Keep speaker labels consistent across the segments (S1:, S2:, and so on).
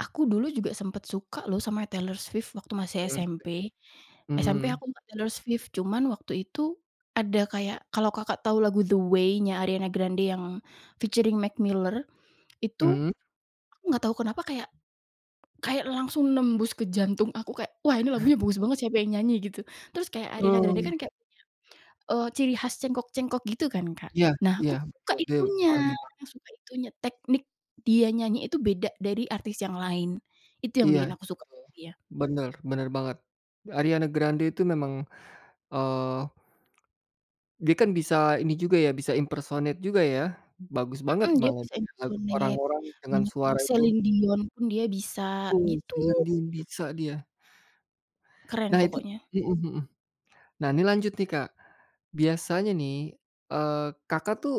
S1: Aku dulu juga sempet suka loh sama Taylor Swift waktu masih
S2: Taylor Swift.
S1: SMP. SMP
S2: Mhm.
S1: aku suka Taylor Swift, cuman waktu itu, ada kayak kalau Kakak tahu lagu The Way-nya Ariane Grande yang featuring McMiller, itu,
S2: Mhm.
S1: aku nggak tahu kenapa, kayak kayak langsung nembus ke jantung aku, kayak "Wah, ini lagunya bagus banget, siapa yang nyanyi?" gitu. Terus kayak Ariana Grande
S2: [unintelligible]
S1: kan kayak punya, eee, ciri khas cengkok-cengkok gitu kan, Kak.
S2: Iya
S1: Nah,
S2: iya
S1: aku suka
S2: betul,.
S1: itunya,
S2: [unintelligible]
S1: ya suka itunya, teknik dia nyanyi itu beda dari artis yang lain. Itu yang
S2: Iya
S1: bikin aku suka.
S2: betul.
S1: Iya.
S2: Benar benar banget, Ariana Grande itu memang, eee dia kan bisa ini juga ya, bisa impersonate juga ya. Bagus banget
S1: Mhm, dia
S2: banget,
S1: bisa impersonate
S2: orang-orang dengan
S1: banyak
S2: suara
S1: orang,
S2: itu.
S1: Celine Dion pun dia bisa, gitu.
S2: [unintelligible] bisa dia.
S1: Keren
S2: Nah itu
S1: pokoknya.
S2: mhm mhm. Nah ini lanjut nih Kak, biasanya nih, eee, Kakak tuh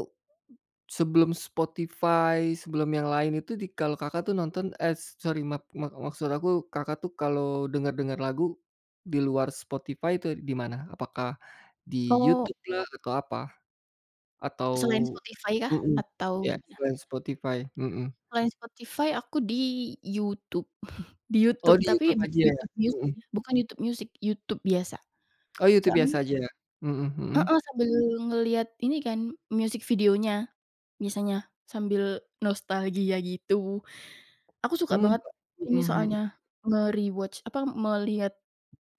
S2: sebelum Spotify, sebelum yang lain itu di kalau Kakak tuh nonton, eh sorry, maaf ma maksud aku Kakak tuh kalau dengar-dengar lagu di luar Spotify itu di mana, apakah di
S1: Oh.
S2: YouTube lah atau apa. Atau
S1: Selain Spotify kah
S2: mhm.
S1: atau
S2: Iya,
S1: gimana?
S2: selain Spotify, mhm.
S1: Selain Spotify aku di YouTube. Di
S2: Oh
S1: YouTube
S2: di
S1: tapi
S2: YouTube aja ya? Mhm.
S1: bukan YouTube Music, YouTube biasa.
S2: Oh, Youtube
S1: Soalnya
S2: biasa aja? Hmm hmm.
S1: Mhm, sambil ngelihat ini kan, music videonya misalnya, sambil nostalgia gitu. Aku suka
S2: Mhm,
S1: banget ini
S2: mhm mhm.
S1: soalnya, me-rewatch, apa, melihat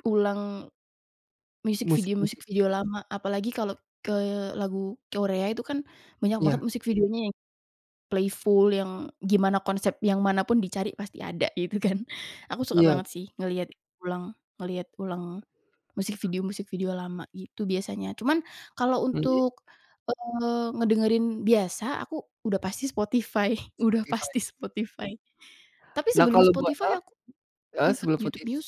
S1: ulang video music, music
S2: Musik-musik.
S1: video lama, apalagi kalau ke lagu Korea itu kan banyak banget
S2: Iya.
S1: musik videonya, yang playful yang gimana konsep yang manapun dicari pasti ada, gitu kan. Aku suka
S2: Iya.
S1: banget sih ngelihat ulang ngelihat ulang music video music video lama, gitu biasanya. Cuman kalau
S2: Mhm.
S1: untuk, eee, ngedengerin biasa, aku udah pasti Spotify udah
S2: Spotify.
S1: pasti Spotify. Tapi
S2: Lah
S1: sebelum
S2: kalau bua eee,
S1: Spotify aku
S2: heeh,
S1: sempet
S2: sebelum
S1: YouTube
S2: footage
S1: Music.